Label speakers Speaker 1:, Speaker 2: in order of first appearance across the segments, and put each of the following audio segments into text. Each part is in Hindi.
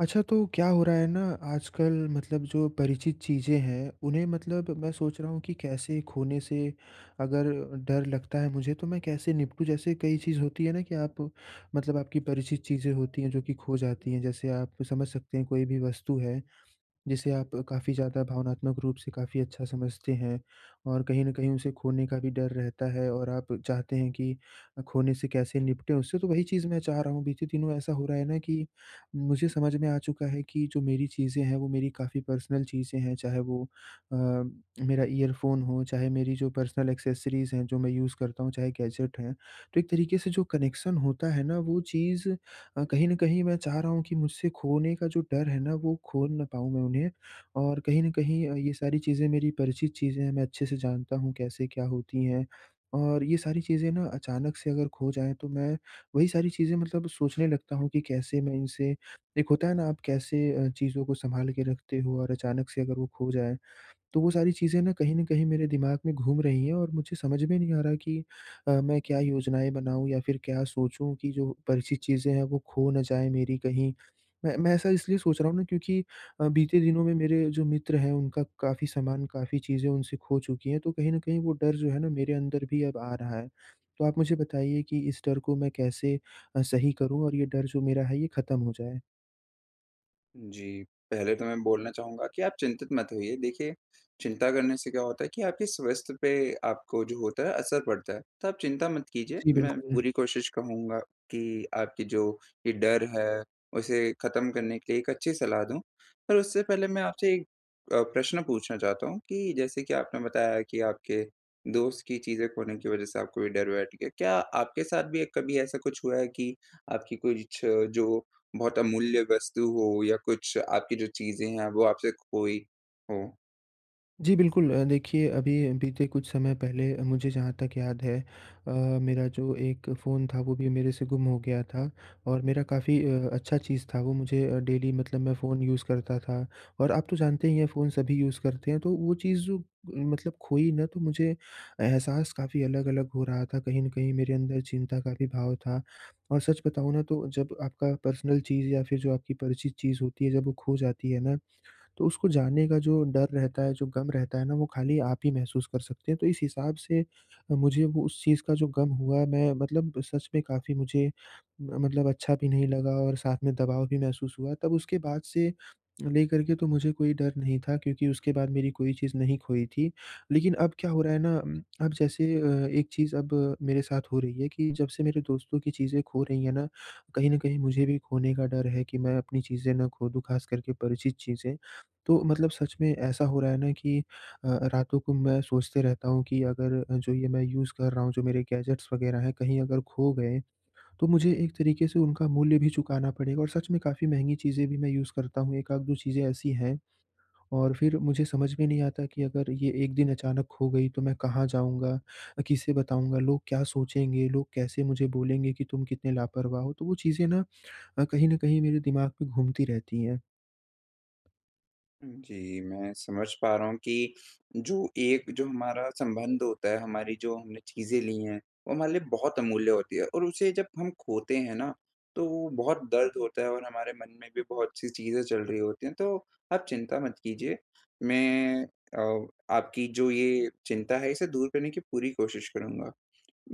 Speaker 1: अच्छा तो क्या हो रहा है ना आजकल मतलब जो परिचित चीज़ें हैं उन्हें मतलब मैं सोच रहा हूँ कि कैसे खोने से अगर डर लगता है मुझे तो मैं कैसे निपटूँ। जैसे कई चीज़ होती है ना कि आप मतलब आपकी परिचित चीज़ें होती हैं जो कि खो जाती हैं। जैसे आप समझ सकते हैं कोई भी वस्तु है जिसे आप काफ़ी ज़्यादा भावनात्मक रूप से काफ़ी अच्छा समझते हैं। और कहीं न कहीं उसे खोने का भी डर रहता है और आप चाहते हैं कि खोने से कैसे निपटे उससे तो वही चीज़ मैं चाह रहा हूँ। बीते दिनों ऐसा हो रहा है ना कि मुझे समझ में आ चुका है कि जो मेरी चीज़ें हैं वो मेरी काफ़ी पर्सनल चीज़ें हैं। चाहे वो अ, मेरा ईयरफोन हो, चाहे मेरी जो पर्सनल एक्सेसरीज़ हैं जो मैं यूज़ करता हूँ चाहे गैजेट हैं। तो एक तरीके से जो कनेक्शन होता है ना वो चीज़ अ, कहीं न कहीं मैं चाह रहा हूँ कि मुझसे खोने का जो डर है ना वो खो ना पाऊँ मैं उन्हें। और कहीं न कहीं अ, ये सारी चीज़ें मेरी परिचित चीज़ें हैं मैं अच्छे से जानता हूँ कैसे क्या होती हैं। और ये सारी चीज़ें ना अचानक से अगर खो जाएँ तो मैं वही सारी चीज़ें मतलब सोचने लगता हूँ कि कैसे मैं इनसे एक होता है ना आप कैसे अ, चीज़ों को संभाल के रखते हो और अचानक से अगर वो खो जाएँ। तो वो सारी चीज़ें ना कहीं न कहीं मेरे दिमाग में घूम रही हैं। और मुझे समझ में नहीं आ रहा कि अ, मैं क्या योजनाएँ बनाऊँ या फिर क्या सोचूँ कि जो परिचित चीज़ें हैं वो खो ना जाए मेरी कहीं। मैं मैं ऐसा इसलिए सोच रहा हूँ ना क्योंकि अ, बीते दिनों में मेरे जो मित्र हैं उनका काफ़ी सामान, काफ़ी चीज़ें उनसे खो चुकी हैं। तो कहीं न कहीं वो डर जो है ना मेरे अंदर भी अब आ रहा है। तो आप मुझे बताइए कि इस डर को मैं कैसे अ, सही करूँ? और ये डर जो मेरा है ये ख़त्म हो जाए?
Speaker 2: जी। पहले तो मैं बोलना चाहूँगा कि आप चिंतित मत होइए। देखिए, चिंता करने से क्या होता है कि आपके स्वास्थ्य पे आपको जो होता है असर पड़ता है। तो आप चिंता मत कीजिए,
Speaker 1: जी,
Speaker 2: मैं
Speaker 1: बिल्कुल।
Speaker 2: पूरी कोशिश कहूँगा कि आपकी जो ये डर है, उसे ख़त्म करने के लिए एक अच्छी सलाह दूँ। पर उससे पहले मैं आपसे अ, प्रश्न पूछना चाहता हूँ कि जैसे कि आपने बताया कि आपके दोस्त की चीज़ें खोने की वजह से आपको ये डर बैठ गया। क्या आपके साथ भी एक कभी ऐसा कुछ हुआ है कि आपकी कुछ जो बहुत अमूल्य वस्तु हो या कुछ आपकी जो चीज़ें हैं वो आपसे खोई हों?
Speaker 1: जी बिल्कुल। अ, देखिए अभी बीते कुछ समय पहले मुझे जहाँ तक याद है अ, मेरा जो एक फ़ोन था वो भी मेरे से गुम हो गया था। और मेरा काफ़ी अ, अच्छा चीज़ था वो मुझे अ, डेली मतलब मैं फ़ोन यूज़ करता था। और आप तो जानते ही हैं फ़ोन सभी यूज़ करते हैं, तो वो चीज़ मतलब खोई ना तो मुझे एहसास काफ़ी अलग-अलग हो रहा था। कहीं न कहीं मेरे अंदर चिंता का भी भाव था। और सच बताऊँ ना तो जब आपका पर्सनल चीज़ या फिर जो आपकी परिचित चीज़ होती है जब वो खो जाती है ना तो उसको जाने का जो डर रहता है, जो गम रहता है ना वो खाली आप ही महसूस कर सकते हैं। तो इस हिसाब से अ, मुझे वो उस चीज़ का जो गम हुआ मैं मतलब सच में काफ़ी मुझे मतलब अच्छा भी नहीं लगा और साथ में दबाव भी महसूस हुआ। तब उसके बाद से लेकर के तो मुझे कोई डर नहीं था क्योंकि उसके बाद मेरी कोई चीज़ नहीं खोई थी। लेकिन अब क्या हो रहा है ना उम, अब जैसे अ, एक चीज़ अब मेरे साथ हो रही है कि जब से मेरे दोस्तों की चीज़ें खो रही हैं ना, कहीं न कहीं मुझे भी खोने का डर है कि मैं अपनी चीज़ें ना खो दूँ, ख़ास करके परिचित चीज़ें। तो मतलब सच में ऐसा हो रहा है ना कि अ अ, रातों को मैं सोचते रहता हूँ कि अगर अ, जो ये मैं यूज़ कर रहा हूँ जो मेरे गैजेट्स वगैरह हैं कहीं अगर खो गए तो मुझे एक तरीके से उनका मूल्य भी चुकाना पड़ेगा और सच में काफ़ी महँगी चीजें भी मैं यूज़ करता हूँ, 1 आध 2 चीज़ें ऐसी हैं। और फिर मुझे समझ में नहीं आता कि अगर ये एक दिन अचानक खो गई तो मैं कहाँ जाऊँगा? अ, किसे बताऊँगा? लोग क्या सोचेंगे? लोग कैसे मुझे बोलेंगे कि तुम कितने लापरवाह हो? तो वो चीजें ना अ, कहीं न कहीं मेरे दिमाग में घूमती रहती हैं।
Speaker 2: जी, मैं समझ पा रहा हूँ कि, जो एक जो हमारा संबंध होता है, हमारी जो हमने चीज़ें ली हैं, वो हमारे लिए बहुत अमूल्य होती है और उसे जब हम खोते हैं ना, तो बहुत दर्द होता है और हमारे मन में भी बहुत-सी चीज़ें चल रही होती है। तो आप चिंता मत कीजिए मैं अ, आपकी जो ये चिंता है इसे दूर करने की पूरी कोशिश करूँगा।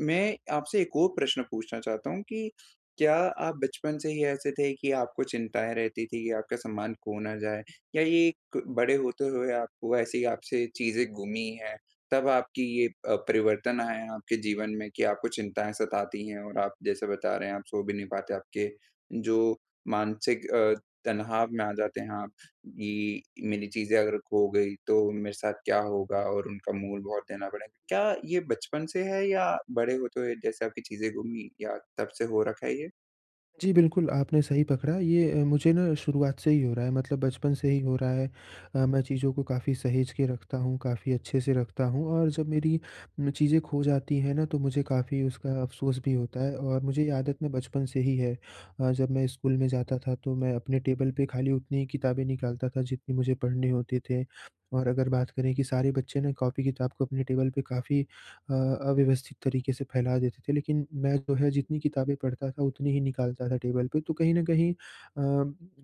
Speaker 2: मैं आपसे एक और प्रश्न पूछना चाहता हूँ कि क्या आप बचपन से ही ऐसे थे कि आपको चिंताएँ रहती थी कि आपका सम्मान खो ना जाये, या ये एक बड़े होते हुए आपको ऐसे ही आपसे चीज़ें गुमी है, तब आपकी ये अ, परिवर्तन आया है आपके जीवन में कि आपको चिंताएँ सताती है। और आप जैसे बता रहे हैं आप सो भी नहीं पाते आपके जो मानसिक अ, तनाव में आ जाते हैं आप कि मेरी चीज़ें अगर खो गई तो मेरे साथ क्या होगा और उनका मूल बहुत देना पड़ेगा? क्या ये बचपन से है या बड़े होते हुए जैसे आपकी चीज़ें गुमी या तब से हो रखा है ये?
Speaker 1: जी, बिल्कुल आपने सही पकड़ा ये अ, मुझे ना शुरुआत से ही हो रहा है मतलब बचपन से ही हो रहा है। अ, मैं चीज़ों को काफ़ी सहेज के रखता हूँ काफ़ी अच्छे-से रखता हूँ और जब मेरी म चीज़ें खो जाती हैं ना तो मुझे काफ़ी उसका अफ़सोस भी होता है और मुझे ये आदत ना बचपन से ही है। अ, जब मैं स्कूल में जाता था तो मैं अपने टेबल पे खाली उतनी ही किताबें निकालता था जितनी मुझे पढ़ने होते थे। और अगर बात करें कि सारे बच्चे ना कॉपी-किताब को अपने टेबल पे काफ़ी अ, अव्यवस्थित तरीके से फ़ैला देते थे। लेकिन मैं जो है जितनी किताबें पढ़ता था उतनी ही निकालता था टेबल पे। तो कहीं न कहीं अ,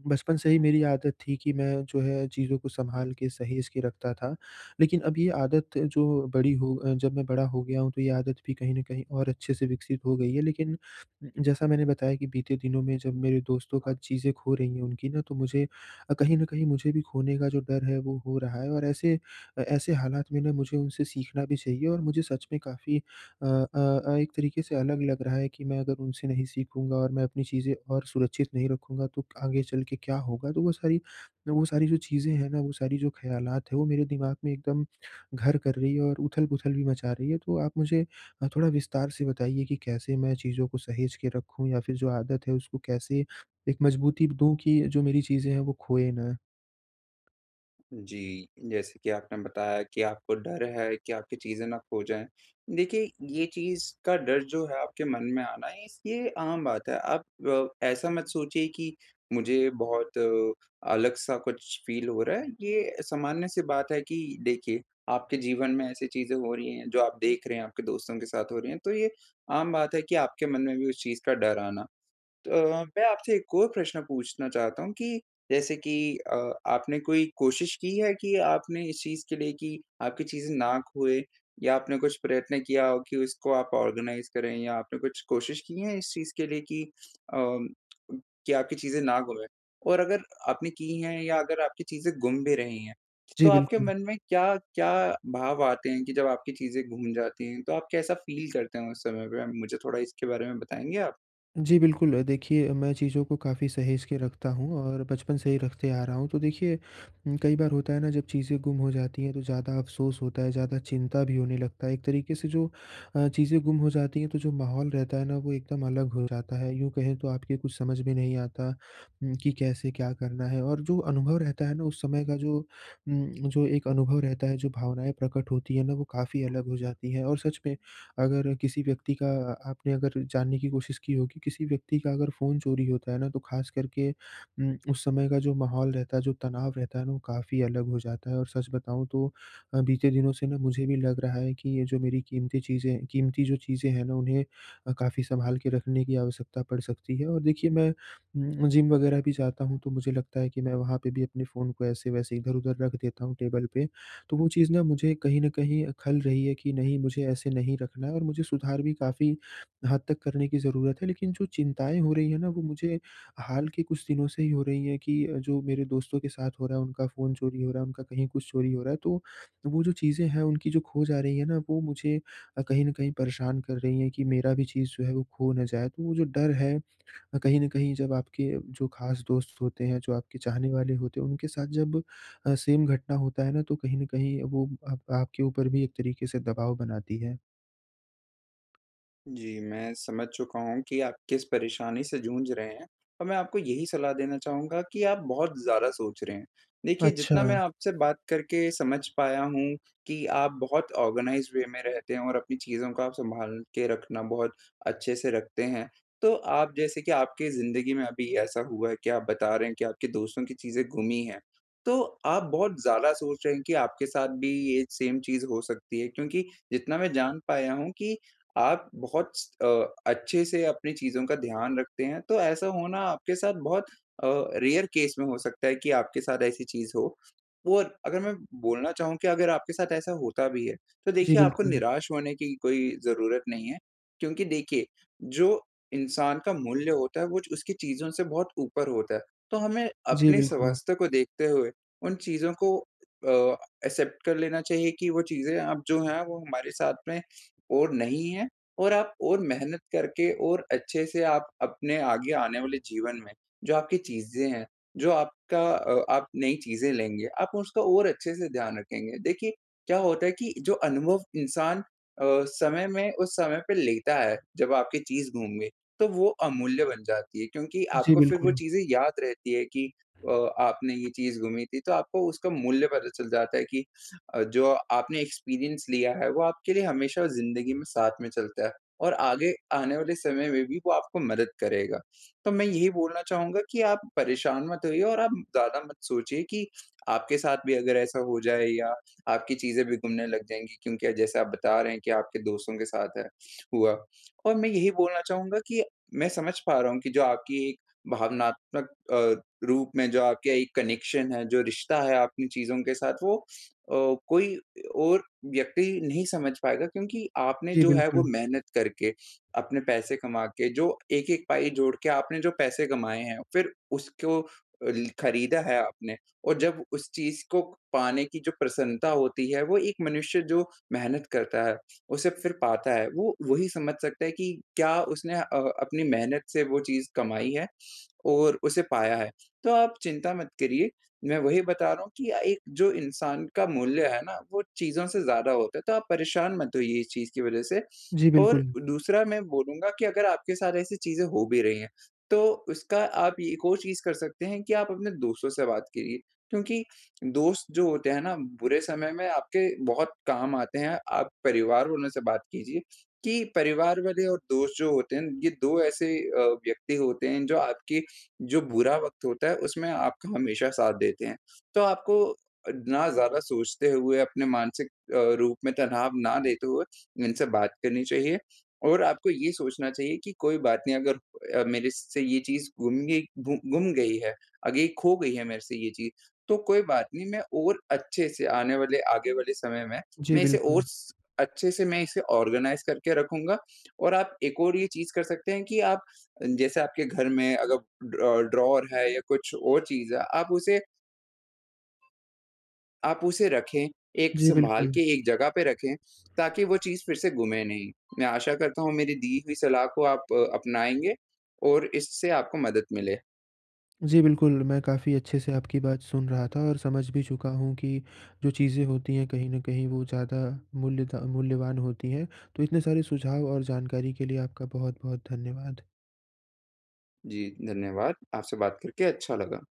Speaker 1: बचपन से ही मेरी आदत थी कि मैं जो है चीज़ों को संभाल के सहेज के रखता था। लेकिन अब ये आदत जो बड़ी हो अ, जब मैं बड़ा हो गया हूँ तो ये आदत भी कहीं न कहीं और अच्छे से विकसित हो गई है। लेकिन जैसा मैंने बताया कि बीते दिनों में जब मेरे दोस्तों का चीज़ें खो रही हैं उनकी ना तो मुझे अ, कहीं न कहीं मुझे भी खोने का जो डर है वो हो रहा है। और ऐसे अ, ऐसे हालात में ना मुझे उनसे सीखना भी चाहिए और मुझे सच में काफ़ी अ अ अ, एक तरीके से अलग लग रहा है कि मैं अगर उनसे नहीं सीखूँगा और मैं अपनी चीज़ें और सुरक्षित नहीं रखूँगा तो आगे चल के क्या होगा? तो वो सारी वो सारी जो चीज़ें हैं ना, वो सारी जो ख़्यालात है, वो मेरे दिमाग़ में एकदम घर कर रही है और उथल-पुथल भी मचा रही है। तो आप मुझे थोड़ा विस्तार से बताइए कि कैसे मैं चीज़ों को सहेज के रखूँ या फ़िर जो आदत है उसको कैसे एक मज़बूती दूँ कि जो मेरी चीज़ें हैं वो खोएँ ना?
Speaker 2: जी। जैसे कि आपने बताया कि आपको डर है कि आपकी चीज़ें ना खो जाएँ। देखिए ये चीज़ का डर जो है आपके मन में आना, इस ये आम बात है। आप अ, ऐसा मत सोचिए कि मुझे बहुत अलग-सा कुछ फील हो रहा है। ये सामान्य-सी बात है कि देखिए आपके जीवन में ऐसी चीज़ें हो रही हैं जो आप देख रहे हैं, आपके दोस्तों के साथ हो रही हैं, तो ये आम बात है कि आपके मन में भी उस चीज़ का डर आना। तो मैं आपसे एक और प्रश्न पूछना चाहता हूँ कि जैसे कि अ, आपने कोई कोशिश की है कि आपने इस चीज़ के लिए कि आपकी चीज़ें ना खोएँ या आपने कुछ प्रयत्न किया हो कि उसको आप ऑर्गेनाइज़ करें या आपने कुछ कोशिश की हैं इस चीज़ के लिए कि अ, कि आपकी चीज़ें ना घूमें? और अगर आपने की हैं या अगर आपकी चीज़ें गुम भी रही हैं, तो
Speaker 1: जी,
Speaker 2: आपके
Speaker 1: बिल्कुल।
Speaker 2: मन में क्या-क्या भाव आते हैं? कि जब आपकी चीज़ें घूम जाती हैं, तो आप कैसा फील करते हो उस समय पे? मुझे थोड़ा इसके बारे में बताएँगे आप?
Speaker 1: जी, बिल्कुल। देखिए मैं चीज़ों को काफ़ी सहेज के रखता हूँ और बचपन से ही रखते आ रहा हूँ। तो देखिए कई बार होता है ना जब चीज़ें गुम हो जाती हैं तो ज़्यादा अफ़सोस होता है ज़्यादा चिंता भी होने लगता है। एक तरीके से जो अ, चीज़ें गुम हो जाती हैं तो जो माहौल रहता है ना वो एकदम अलग हो जाता है, यूँ कहें तो आपके कुछ समझ में नहीं आता कि कैसे क्या करना है और जो अनुभव रहता है ना उस समय का जो उम्म, जो एक अनुभव रहता है जो भावनाएँ प्रकट होती हैं ना वो काफ़ी अलग हो जाती हैं। और सच में अगर किसी व्यक्ति का आपने अगर जानने की कोशिश की होगी किसी व्यक्ति का अगर फ़ोन चोरी होता है ना तो ख़ास करके अम, उस समय का जो माहौल रहता है जो तनाव रहता है ना वो काफ़ी अलग हो जाता है। और सच बताऊँ तो बीते दिनों से ना मुझे भी लग रहा है कि ये जो मेरी क़ीमती चीज़ें क़ीमती जो चीज़ें हैं ना उन्हें काफ़ी सँभाल के रखने की आवश्यकता पड़ सकती है। और देखिए मैं उम्म, जिम वग़ैरह भी जाता हूँ तो मुझे लगता है कि मैं वहाँ पे भी अपने फ़ोन को ऐसे-वैसे इधर-उधर रख देता हूँ टेबल पे तो वो चीज़ ना मुझे कहीं न कहीं खल रही है। कि नहीं, मुझे ऐसे नहीं रखना है और मुझे सुधार भी काफ़ी हद तक करने की ज़रूरत है। लेकिन जो चिंताएँ हो रही हैं ना वो मुझे हाल के कुछ दिनों से ही हो रही है। कि जो मेरे दोस्तों के साथ हो रहा है उनका फ़ोन चोरी हो रहा है उनका कहीं कुछ चोरी हो रहा है। तो, तो वो जो चीज़ें हैं उनकी जो खो जा रही है ना वो मुझे कहीं न कहीं परेशान कर रही हैं कि मेरा भी चीज़ जो है वो खो ना जाए। तो वो जो डर है कहीं न कहीं जब आपके जो ख़ास दोस्त होते हैं जो आपके चाहने वाले होते हैं, उनके साथ जब अ, सेम घटना होता है ना तो कहीं न कहीं वो आप आपके ऊपर भी एक तरीके से दबाव बनाती है।
Speaker 2: जी, मैं समझ चुका हूँ कि आप किस परेशानी से जूझ रहे हैं और मैं आपको यही सलाह देना चाहूँगा कि आप बहुत ज़्यादा सोच रहे हैं। देखिए जितना मैं
Speaker 1: अच्छा।
Speaker 2: आपसे बात करके समझ पाया हूँ कि आप बहुत ऑर्गनाइज़्ड वे में रहते हैं और अपनी चीज़ों को आप संभाल के रखना, बहुत अच्छे से रखते हैं। तो आप जैसे कि आपकी ज़िंदगी में अभी ऐसा हुआ है कि आप बता रहे हैं कि आपके दोस्तों की चीज़ें गुमी है। तो आप बहुत ज़्यादा सोच रहे हैं कि आपके साथ भी ये सेम चीज़ हो सकती है क्योंकि जितना मैं जान पाया हूँ कि आप बहुत स अ, अच्छे से अपनी चीज़ों का ध्यान रखते हैं तो ऐसा होना आपके साथ बहुत अ, रेयर केस में हो सकता है कि आपके साथ ऐसी चीज़ हो। और अगर मैं बोलना चाहूँ कि अगर आपके साथ ऐसा होता भी है, तो
Speaker 1: जी,
Speaker 2: देखिए आपको
Speaker 1: बिल्कुल।
Speaker 2: निराश होने की कोई ज़रूरत नहीं है क्योंकि देखिए जो इंसान का मूल्य होता है वो च उसकी चीज़ों से बहुत ऊपर होता है। तो हमें
Speaker 1: जी,
Speaker 2: अपने
Speaker 1: बिल्कुल।
Speaker 2: स्वास्थ्य को देखते हुए उन चीज़ों को अ, एक्सेप्ट कर लेना चाहिए कि वो चीज़ें अब जो हैं वो हमारे साथ में और नहीं है और आप और मेहनत करके और अच्छे से आप अपने आगे आने वाले जीवन में जो आपकी चीज़ें हैं, जो आपका अ, आप नई चीज़ें लेंगे, आप उसको और अच्छे से ध्यान रखेंगे। देखिए क्या होता है कि जो अनुभव इंसान अ, समय में उस समय पे लेता है, जब आपकी चीज़ गुम गई, तो वो अमूल्य बन जाती है। क्योंकि
Speaker 1: जी,
Speaker 2: आपको फ़िर वो
Speaker 1: बिल्कुल।
Speaker 2: चीज़ें याद रहती हैं कि अ, आपने ये चीज़ गुमी थी तो आपको उसका मूल्य पता चल जाता है कि अ, जो आपने एक्सपीरियंस लिया है, वो आपके लिए हमेशा ज़िंदगी में साथ में चलता है और आगे आने वाले समय में भी वो आपको मदद करेगा। तो मैं यही बोलना चाहूँगा कि आप परेशान मत होइए और आप ज़्यादा मत सोचिए कि आपके साथ भी अगर ऐसा हो जाए या आपकी चीज़ें भी गुमने लग जाएँगी, क्योंकि जैसे आप बता रहे हैं कि आपके दोस्तों के साथ है हुआ। और मैं यही बोलना चाहूँगा कि मैं समझ पा रहा हूँ कि जो आपकी एक भावनात्मक अ, रूप में जो आपके एक कनेक्शन है, जो रिश्ता है आपकी चीज़ों के साथ वो अ, कोई और व्यक्ति नहीं समझ पाएगा क्योंकि आपने
Speaker 1: जी,
Speaker 2: जो है वो
Speaker 1: बिल्कुल।
Speaker 2: मेहनत करके अपने पैसे कमा के जो 1-1 पाई जोड़ के आपने जो पैसे कमाए हैं, फ़िर उसको ल खरीदा है आपने। और जब उस चीज़ को पाने की जो प्रसन्नता होती है, वो एक मनुष्य जो मेहनत करता है, उसे फ़िर पाता है वो वही समझ सकता है कि क्या उसने अ, अपनी मेहनत से वो चीज़ कमाई है और उसे पाया है। तो आप चिंता मत करिए, मैं वही बता रहा हूँ कि अ, एक जो इंसान का मूल्य है ना, वो चीज़ों से ज़्यादा होता है। तो आप परेशान मत होइए इस चीज़ की वजह से
Speaker 1: जी,
Speaker 2: और
Speaker 1: बिल्कुल।
Speaker 2: दूसरा मैं बोलूँगा कि अगर आपके साथ ऐसी चीज़ें हो भी रही हैं, तो उसका आप य एक और चीज़ कर सकते हैं कि आप अपने दोस्तों से बात करिए। क्योंकि दोस्त जो होते हैं ना, बुरे समय में आपके बहुत काम आते हैं। आप परिवार वालों से बात कीजिए कि परिवार वाले और दोस्त जो होते हैं, ये 2 ऐसे अ, व्यक्ति होते हैं जो आपकी जो बुरा वक़्त होता है, उसमें आपका हमेशा साथ देते हैं। तो आपको अ, ना ज़्यादा सोचते हुए अपने मानसिक अ, रूप में तनाव ना लेते हुए उनसे बात करनी चाहिए और आपको ये सोचना चाहिए कि कोई बात नहीं अगर मेरे से ये चीज़ गुम गई गु गुम गई है, आगे खो गई है मेरे से ये चीज़ तो कोई बात नहीं मैं और अच्छे से आने वाले, आगे वाले समय में
Speaker 1: जी,
Speaker 2: मैं इसे और
Speaker 1: बिल्कुल।
Speaker 2: स अच्छे से मैं इसे ऑर्गेनाइज़ करके रखूँगा। और आप एक और ये चीज़ कर सकते हैं कि आप जैसे आपके घर में अगर ड्रॉ ड्रॉवर है या कुछ और चीज़ है आप उसे आप उसे रखें एक
Speaker 1: जी,
Speaker 2: संभाल
Speaker 1: बिल्कुल।
Speaker 2: के एक जगह पे रखें ताकि वो चीज़ फ़िर से गुमे नहीं। मैं आशा करता हूँ मेरी दी हुई सलाह को आप अपनाएँगे और इससे आपको मदद मिले।
Speaker 1: जी, बिल्कुल मैं काफ़ी अच्छे से आपकी बात सुन रहा था और समझ भी चुका हूँ कि जो चीज़ें होती हैं कहीं न कहीं वो ज़्यादा मूल्यता मूल्यवान होती हैं। तो इतने सारे सुझाव और जानकारी के लिए आपका बहुत-बहुत धन्यवाद।
Speaker 2: जी, धन्यवाद आपसे बात करके अच्छा लगा।